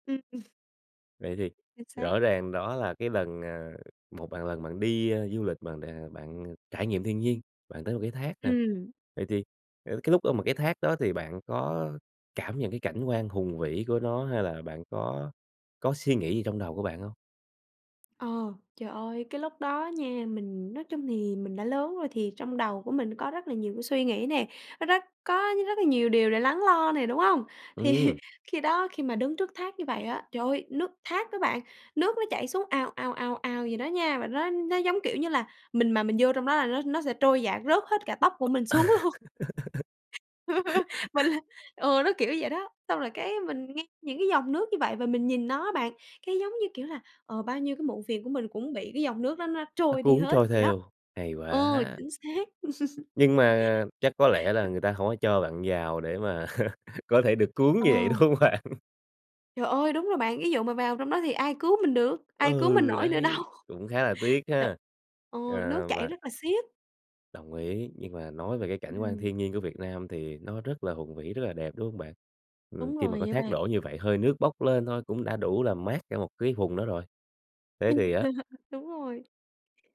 Ưm, ừm. Vậy thì Chính xác. rõ ràng đó là cái lần, ờ, một bạn lần bạn đi, a, du lịch mà đà bạn trải nghiệm thiên nhiên, bạn tới một cái thác nè. Ừm. Vậy thì, ờ, cái lúc á mà cái thác đó thì bạn có cảm nhận cái cảnh quan hùng vĩ của nó hay là bạn có có suy nghĩ gì trong đầu của bạn hông? Ờ, trời ơi, cái lúc đó nha, mình nói chung thì mình đã lớn rồi thì trong đầu của mình có rất là nhiều cái suy nghĩ nè, nó rất có rất là nhiều điều để lắng lo nè, đúng hông? Thì Ừm. khi đó, khi mà đứng trước thác như vậy á, trời ơi, nước thác á bạn, nước nó chảy xuống ào, ào, ào, ào vậy đó nha, và nó nó giống, kiểu như là, mình mà mình vô trong đó là nó nó sẽ trôi dạt rớt hết cả tóc của mình xuống luôn. Mình là ừ, nó, kiểu, vậy đó, xong rồi cái mình nghe những cái dòng nước như vậy và mình nhìn nó á bạn, cái giống như kiểu là, ờ, bao nhiêu cái muộn phiền của mình cũng bị cái dòng nước đó nó Nó trôi đi cuốn hết trôi vậy đó. theo, hay Ờ, quá. chính xác. Nhưng mà chắc có lẽ là [unintelligible] người ta hổng có cho bạn vào để mà có thể được cuốn như vậy, Ờ. đúng hông bạn? Trời ơi! Đúng rồi bạn, ví dụ mà vào trong đó thì ai cứu mình được, ai cứu mình Ừ, nổi nữa đấy, đâu. cũng khá là tiếc T ha. ờ, À, nước chảy và rất là siết. Đồng ý, nhưng mà nói về cái cảnh quan Ừm. thiên nhiên của Việt Nam thì nó rất là hùng vĩ, rất là đẹp, đúng hông bạn? Ừm, Đúng khi mà rồi có nha thác bạn. đổ như vậy, hơi nước bốc lên thôi cũng đã đủ làm mát cả một cái vùng đó rồi. Ừ. Thế thì á Đúng rồi.